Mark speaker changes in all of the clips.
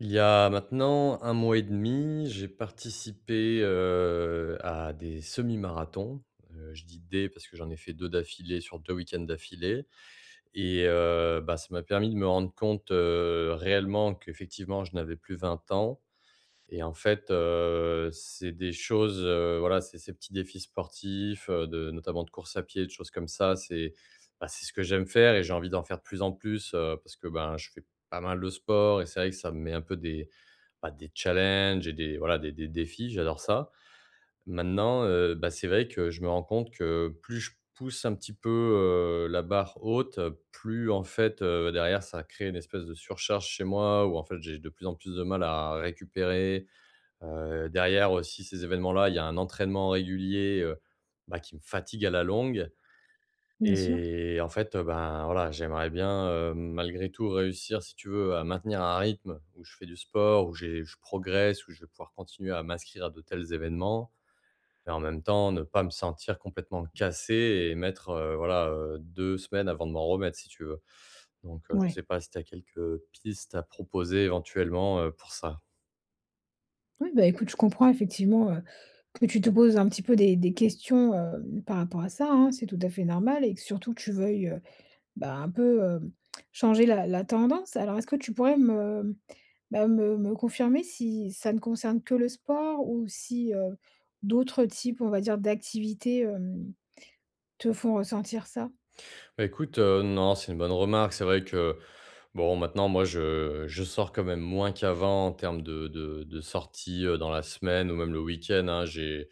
Speaker 1: Il y a maintenant 1 mois et 1/2 j'ai participé, heu, à des semi-marathons, heu, je dis: «des» parce que j'en ai fait 2 d'affilée sur 2 week-ends d'affilée et heu, bah, ça m'a permis de me rendre compte, heu, réellement qu'effectivement je n'avais plus 20 ans et en fait, heu, c'est des choses, heu, voilà, c'est ces petits défis sportifs, heu, de notamment de course à pied, de choses comme ça, c'est, bah, c'est ce que j'aime faire et j'ai envie d'en faire de plus en plus, heu, parce que, ben, je fais pas mal de sport et c'est vrai que ça me met un peu des, bah, des challenges et des, voilà, des des défis, j'adore ça. Maintenant, heu, bah, c'est vrai que je me rends compte que plus je pousse un petit peu, heu, la barre haute, heu, plus, en fait, heu, derrière, ça crée une espèce de surcharge chez moi ou, en fait, j'ai de plus en plus de mal à récupérer, heu, derrière aussi ces évènements-là, il y a un entraînement régulier, heu, bah, qui me fatigue à la longue
Speaker 2: Bien sûr.
Speaker 1: et en fait, heu, bah, voilà, j'aimerais bien, heu, malgré tout réussir, si tu veux, à maintenir un rythme où je fais du sport, où j'ai je progresse ou je vais pouvoir continuer à m'inscrire à de tels événements et en même temps ne pas me sentir complètement cassé et mettre, heu, voilà, heu, 2 semaines avant de m'en remettre si tu veux. Donc, heu, je
Speaker 2: Ouais.
Speaker 1: sais pas si tu as quelques, heu, pistes à proposer éventuellement, heu, pour ça?
Speaker 2: Oui, bah, écoute, je comprends effectivement, heu, que tu te poses un petit peu des des questions, hem, par rapport à ça hein? C'est tout à fait normal, et que surtout que tu veuilles, heu, bah, un peu, heu, changer la la tendance? Alors est-ce que tu pourrais me, bah, me me confirmer si ça ne concerne que le sport ou si, heu, d'autres types, on va dire, d'activités, hem, te font ressentir ça?
Speaker 1: Bah écoute, heu, non, c'est une bonne remarque, c'est vrai que, bon maintenant moi, je je sors quand même moins qu'avant en termes de de de sortie, heu, dans la semaine ou même le week-end. Hein, j'ai,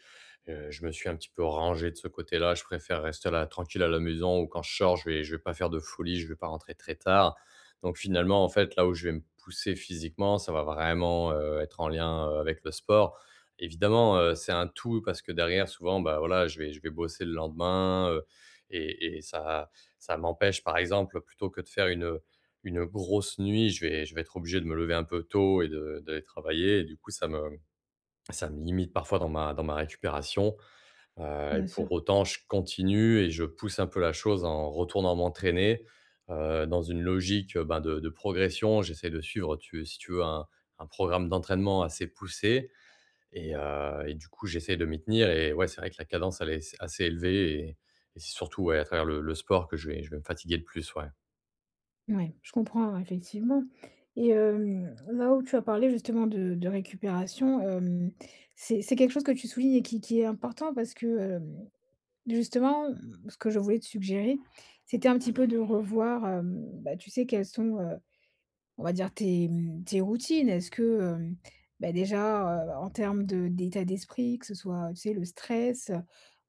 Speaker 1: heu, je me suis un petit peu rangé de ce côté-là. Je préfère rester là, tranquille à la maison ou quand je sors, je vais je vais pas faire de folies, je vais pas rentrer très tard. Donc finalement en fait, là où je vais me pousser physiquement, ça va vraiment, heu, être en lien, heu, avec le sport. Évidemment, heu, c'est un tout parce que derrière souvent, bah, voilà, je vais je vais bosser le lendemain, heu et et ça ça m'empêche par exemple, plutôt que de faire une une grosse nuit, je vais je vais être obligé de me lever un peu tôt et de d'aller travailler et du coup ça me ça me limite parfois dans ma dans ma récupération, heu et
Speaker 2: Bien sûr.
Speaker 1: pour autant, je continue et je pousse un peu la chose en retournant m'entraîner, heu, dans une logique, heu ben, de de progression, j'essaie de suivre tu es si tu veux un un programme d'entraînement assez poussé. Et heu, et du coup, j'essaie de m'y tenir et ouais, c'est vrai que la cadence, elle est c assez élevée et et c'est surtout, ouais, à travers le le sport que je vais je vais me fatiguer de plus, ouais.
Speaker 2: Ouais, je comprends, ouais, effectivement et hem, là, où tu as parlé justement de de récupération, hem, c'est c'est quelque chose que tu soulignes et qui qui est important, parce que, hem, justement, ce que je voulais te suggérer, c'était un petit peu de revoir, hem, bah, tu sais, quelles sont, heu, on va dire tes, mmh, tes routines. Est-ce que, hem, bah, déjà, heu, en termes de d'état d'esprit, que ce soit, tu sais, le stress, heu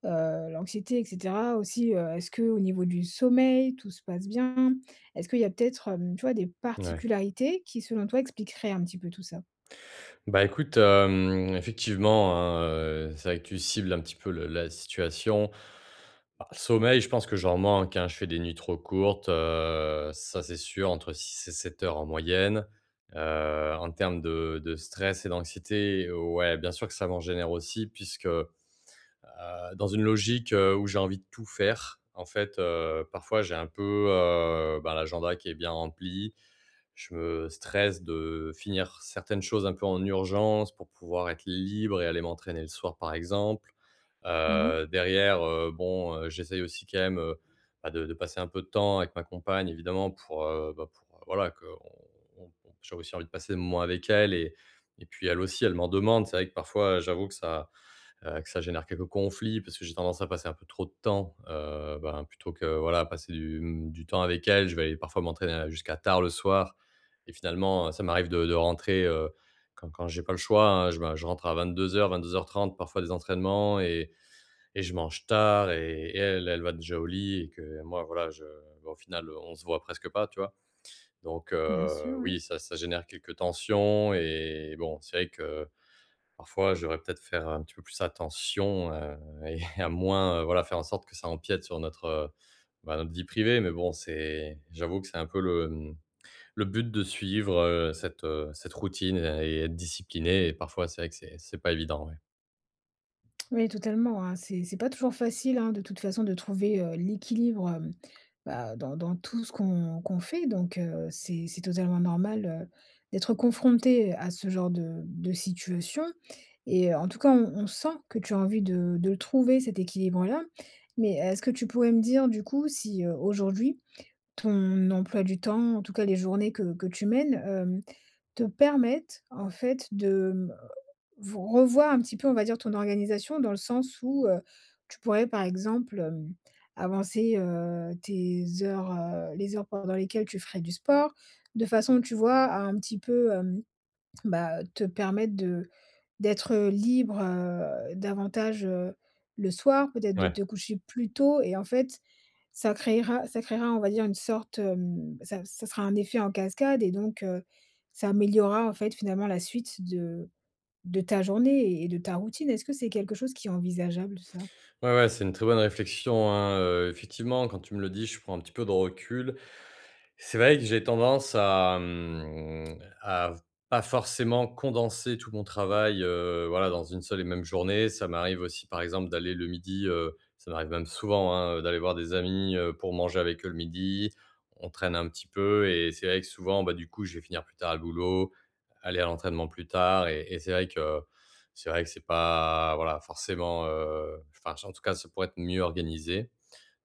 Speaker 2: heu l'anxiété et cetera aussi, heu, est-ce qu'au niveau du sommeil, tout se passe bien? Est-ce qu'il y a peut-être, hem, tu vois des
Speaker 1: Mouais.
Speaker 2: particularités qui, selon toi, expliqueraient un petit peu tout ça?
Speaker 1: Bah, écoute, hem, effectivement, hein, heu, c'est vrai que tu cibles un petit peu le la situation. A le sommeil, je pense que j'en manque, hein, je fais des nuits trop courtes, heu, ça c'est sûr, entre 6 et 7 heures, en moyenne, heu, en termes de de stress et d'anxiété, ouais, bien sûr, que ça m'en génère aussi puisque, heu, dans une logique, heu, où j'ai envie de tout faire, en fait, heu, parfois, j'ai un peu, heu, bah, l'agenda qui est bien rempli. Je me stresse de finir certaines choses un peu en urgence, pour pouvoir être libre et aller m'entraîner le soir, par exemple,
Speaker 2: Mmh mh.
Speaker 1: heu, derrière, heu, bon, heu, j'essaie aussi quand même, heu, bah, de de passer un peu de temps avec ma compagne, évidemment, pour, heu, bah, pour heu voilà bah, qu'on on j'ai aussi envie de passer des moments avec elle et et puis elle aussi, elle m'en demande. C'est vrai que parfois, j'avoue que ça, heu, que ça génère quelques conflits, parce que j'ai tendance à passer un peu trop de temps, heu, bah, hein, plutôt que voilà, passer, du, mmh, du temps avec elle, je vais aller parfois m'entraîner à jusqu'à tard le soir et finalement, heu, ça m'arrive de de rentrer, heu, quand quand j'ai pas le choix, hein, je me je rentre à 22:00-22:30, parfois des entraînements et et je mange tard et elle, elle va déjà au lit et que moi, voilà, je bah, au final on se voit presque pas, tu vois? Donc,
Speaker 2: Bien sûr,
Speaker 1: heu,
Speaker 2: ouais.
Speaker 1: oui, ça ça génère quelques tensions et bon, c'est vrai que parfois je devrais peut-être, faire un petit peu plus attention, heu, et à moins, heu, voilà, faire en sorte que ça empiète sur notre, heu, bah, notre vie privée. Mais bon, c'est j'avoue que c'est un peu le, mmh, le but de suivre, heu, cette, heu, cette routine et et être discipliné et parfois c'est vrai que c'est c'est pas évident, ouais.
Speaker 2: Oui, totalement, hein. C'est c'est pas toujours facile, hein, de toute façon de trouver, heu, l'équilibre, hem, bah, dans dans tout ce qu'on qu'on fait donc, heu, c'est c'est totalement normal, heu, d'être confronté, heu, à ce genre de de situation et heu, en tout cas, on on sent que tu as envie de de le trouver cet équilibre-là. Mais est-ce que tu pourrais me dire du coup si, heu, aujourd'hui, ton emploi du temps, en tout cas les journées que que tu mènes, heu, te permettent, en fait de, mmh, heu, ve revoir un petit peu on va dire ton organisation? Dans le sens où, heu, tu pourrais par exemple, hem, avancer, heu, tes heures, heu, les heures pendant lesquelles tu ferais du sport? De façon, tu vois, à un petit peu, hem, bah, te permettre de d'être, heu, libre, heu, davantage, heu, le soir, peut-être de
Speaker 1: Ouais.
Speaker 2: te coucher plus tôt et en fait, ça créera ça créera, on va dire une sorte, hem, ça ça sera un effet en cascade et donc, heu, ça améliorera en fait, finalement la suite de de ta journée et de ta routine. Est-ce que c'est quelque chose qui est envisageable ça?
Speaker 1: Ouais, ouais, c'est une très bonne réflexion, hein, heu, effectivement quand tu me le dis, je prends un petit peu de recul. C'est vrai que j'ai tendance à, mmh, à pas forcément condenser tout mon travail, heu, voilà, dans une seule et même journée. Ça m'arrive aussi, par exemple, d'aller le midi, heu, ça m'arrive même souvent, hein, d'aller voir des amis, heu, pour manger avec eux le midi. On traîne un petit peu et c'est vrai que souvent, bah, du coup, je vais finir plus tard le boulot, aller à l'entraînement plus tard et et c'est vrai que c'est vrai que c'est pas voilà, forcément, heu, enfin, s en tout cas, ça pourrait être mieux organisé.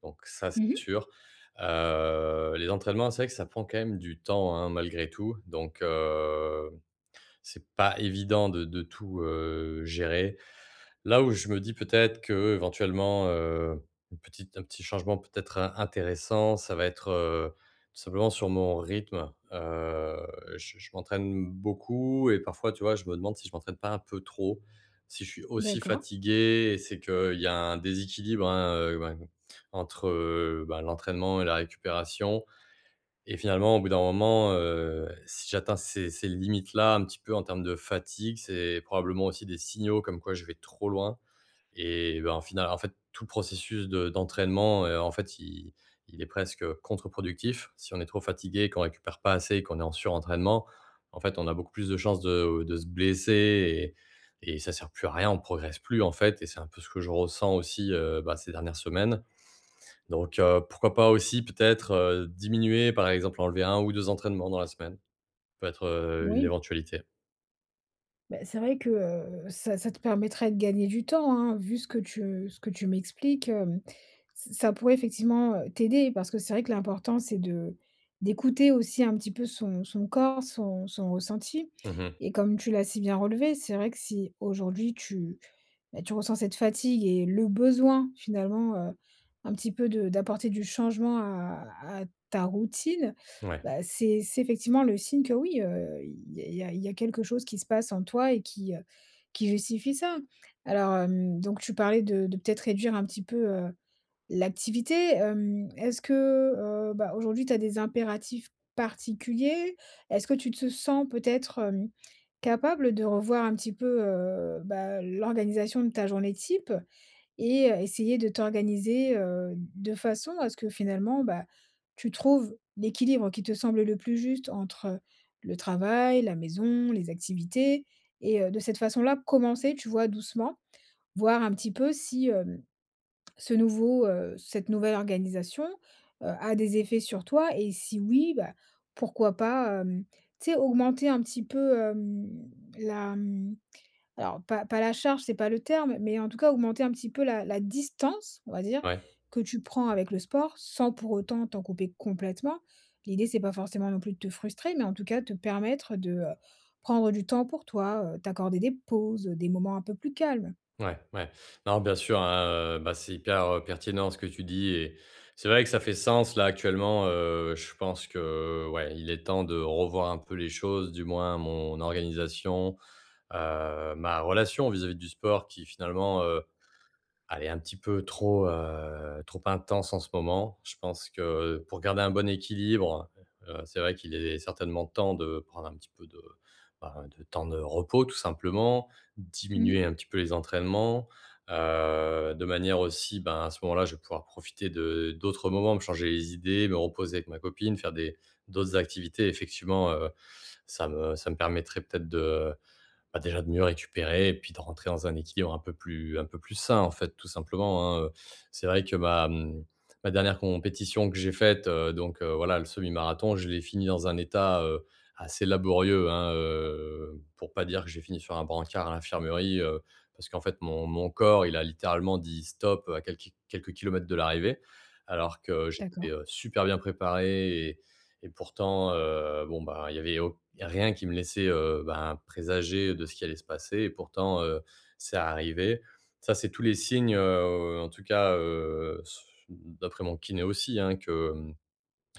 Speaker 1: Donc ça c'est
Speaker 2: Mmh mh.
Speaker 1: sûr, heu, les entraînements, c'est vrai que ça prend quand même du temps, hein, malgré tout. Donc, heu, c'est pas évident de de tout, heu, gérer. Là où je me dis peut-être qu'éventuellement, heu, une petite un petit changement peut-être in intéressant, ça va être, heu, tout simplement sur mon rythme, heu, je je m'entraîne beaucoup et parfois tu vois, je me demande si je m'entraîne pas un peu trop. Si je suis aussi
Speaker 2: D'accord.
Speaker 1: fatigué, c'est qu'il y a un déséquilibre, hein, heu, bah, entre, heu, bah, l'entraînement et la récupération et finalement, au bout d'un moment, heu, si j'atteins ces ces limites-là un petit peu en termes de fatigue, c'est probablement aussi des signaux comme quoi je vais trop loin et bah, au final, en fait, tout processus de d'entraînement, heu, en fait, il il est presque contreproductif. Si on est trop fatigués, qu'on récupère pas assez et qu'on est en surentraînement, en fait, on a beaucoup plus de chances de de se blesser et et ça sert plus à rien, on progresse plus en fait et c'est un peu ce que je ressens aussi, heu, bah, ces dernières semaines. Donc, heu, pourquoi pas aussi peut-être, heu, diminuer, par exemple enlever 1 ou 2 entraînements dans la semaine. Peut être, heu, une
Speaker 2: Oui.
Speaker 1: éventualité.
Speaker 2: Beh, c'est vrai que, heu, ça ça te permettrait de gagner du temps, hein. Vu ce que tu ce que tu m'expliques, hem, ç ça pourrait effectivement, heu, t'aider. Parce que c'est vrai que l'important, c'est de d'écouter aussi un petit peu son son corps, son son ressenti
Speaker 1: Mmh mh.
Speaker 2: et comme tu l'as si bien relevé, c'est vrai que si aujourd'hui, tu, beh, tu ressens cette fatigue et le besoin finalement, heu, un petit peu de d'apporter du changement à à ta routine.
Speaker 1: Mouais.
Speaker 2: Bah, c'est c'est effectivement le signe que, oui, heu, il il y a il y a il y a quelque chose qui se passe en toi et qui, heu, qui justifie ça. Alors, hem, donc tu parlais de de peut-être réduire un petit peu, heu, l'activité? Hem, est-ce que, heu, bah, aujourd'hui tu as des impératifs particuliers? Est-ce que tu te sens peut-être, hem, capable de revoir un petit peu, heu, bah, l'organisation de ta journée type? Et heu, essayer de t'organiser, heu, d de façon à ce que finalement, bah, tu trouves l'équilibre qui te semble le plus juste entre le travail, la maison, les activités et heu, de cette façon là, commencer, tu vois doucement. Voir un petit peu si, hem, ce nouveau heu, cette nouvelle organisation, heu, a des effets sur toi et si oui, bah, pourquoi pas, hem, tu sais? Augmenter un petit peu, hem, la mmh, alors, pas pas la charge, c'est pas le terme, mais en tout cas, augmenter un petit peu la la distance, on va dire
Speaker 1: Ouais.
Speaker 2: que tu prends avec le sport, sans pour autant t'en couper complètement. L'idée, c'est pas forcément non plus de te frustrer, mais en tout cas, te permettre de, heu, prendre du temps pour toi, heu, t'accorder des pauses, heu, des moments un peu plus calmes.
Speaker 1: Ouais, ouais. Non, bien sûr, hein, heu, bah, c'est hyper, heu, pertinent ce que tu dis et c'est vrai que ça fait sens là actuellement, heu, je pense que, ouais, il est temps de revoir un peu les choses, du moins mon organisation, heu, ma relation vis-à-vis du sport qui finalement, heu, elle est un petit peu trop heu, trop intense en ce moment. Je pense que pour garder un bon équilibre, heu, c'est vrai qu'il est certainement temps de prendre un petit peu de, bah, de temps de repos tout simplement,
Speaker 2: Mmh
Speaker 1: diminuer
Speaker 2: mh.
Speaker 1: un petit peu les entraînements. Heu, de manière aussi ben, à ce moment-là, je vais pouvoir profiter de d'autres moments, me changer les idées, me reposer avec ma copine, faire des d'autres activités, effectivement. Heu, ça me ça me permettrait peut-être de bah, déjà de mieux récupérer et puis de rentrer dans un équilibre un peu plus un peu plus sain en fait tout simplement, hein. Heu, c'est vrai que ma, mmh, ma dernière compétition que j'ai faite, heu, donc, heu, voilà, le semi-marathon, je l'ai fini dans un état, heu, assez laborieux, hein, heu, pour pas dire que j'ai fini sur un brancard à l'infirmerie, heu. Parce qu'en fait mon mon corps il a littéralement dit: «Stop» heu, à quel ki quelques kilomètres de l'arrivée. Alors que j'étais,
Speaker 2: D'accord.
Speaker 1: heu, super bien préparé et et pourtant, heu, bon, bah, il y avait au il y a rien qui me laissait, heu, ben, présager de ce qui allait se passer et pourtant, heu, c'est arrivé. Ça c'est tous les signes, heu, au, heu, en tout cas, heu, s mmh, d'après mon kiné aussi hein, que, mmh,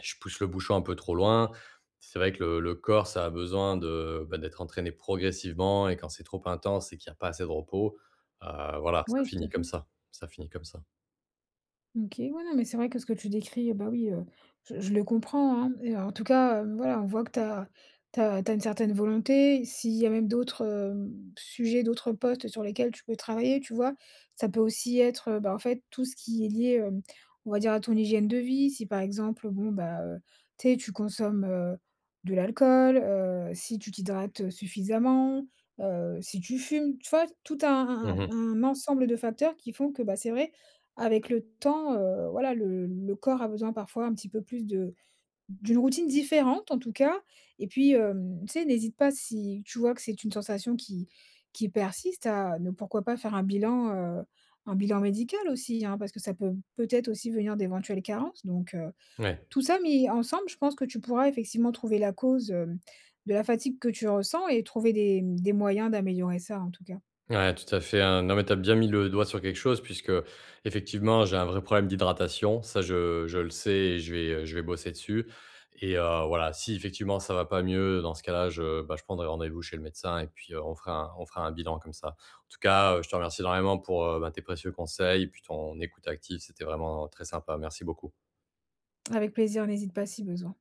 Speaker 1: je pousse le bouchon un peu trop loin. C'est vrai que le le corps ça a besoin de bah, d'être entraîné progressivement et quand c'est trop intense et qu'il y a pas assez de repos, heu, voilà, ça
Speaker 2: Ouais, tout
Speaker 1: finit
Speaker 2: à
Speaker 1: comme
Speaker 2: fait.
Speaker 1: ça, ça finit comme ça.
Speaker 2: OK, ouais, non, mais c'est vrai que ce que tu décris, heu, bah, oui, heu, je je le comprends, hein! Et heu, en tout cas, heu, voilà, on voit que tu as tu as tu as une certaine volonté, s'il y a même d'autres, hem, s sujets, d'autres postes sur lesquels tu peux travailler, tu vois? Ça peut aussi être, bah, en fait, tout ce qui est lié, hem, on va dire à ton hygiène de vie, si par exemple bon bah, heu, tu sais, tu consommes, heu, de l'alcool, heu, si tu t'hydrates, heu, suffisamment, heu, si tu fumes, tu vois? Tout
Speaker 1: Mmh
Speaker 2: un un
Speaker 1: mh.
Speaker 2: un ensemble de facteurs qui font que, bah, c'est vrai, avec le temps, heu, voilà, le le corps a besoin parfois un petit peu plus de d'une routine différente, en tout cas. Et puis, hem, tu sais, n'hésite pas, si tu vois que c'est une sensation qui qui persiste à ne pourquoi pas faire un bilan, heu, un bilan médical aussi, hein, parce que ça peut peut-être aussi venir d'éventuelles carences. Donc, heu,
Speaker 1: Ouais.
Speaker 2: tout ça mis ensemble, je pense que tu pourrais effectivement trouver la cause, hem, de la fatigue que tu ressens et trouver des, mmh, des moyens d'améliorer ça, en tout cas.
Speaker 1: Ouais, tout à fait, hein. Non, mais tu as bien mis le doigt sur quelque chose, puisque effectivement, j'ai un vrai problème d'hydratation, ça je je le sais et je vais, heu, je vais bosser dessus et heu, voilà, si effectivement ça va pas mieux, dans ce cas-là je bah je prendrai rendez-vous chez le médecin et puis heu, on fera on fera un bilan, comme ça. En tout cas, heu, je te remercie énormément pour, heu, bah, tes précieux conseils et puis ton écoute active, c'était vraiment très sympa. Merci beaucoup.
Speaker 2: Avec plaisir, n'hésite pas si besoin.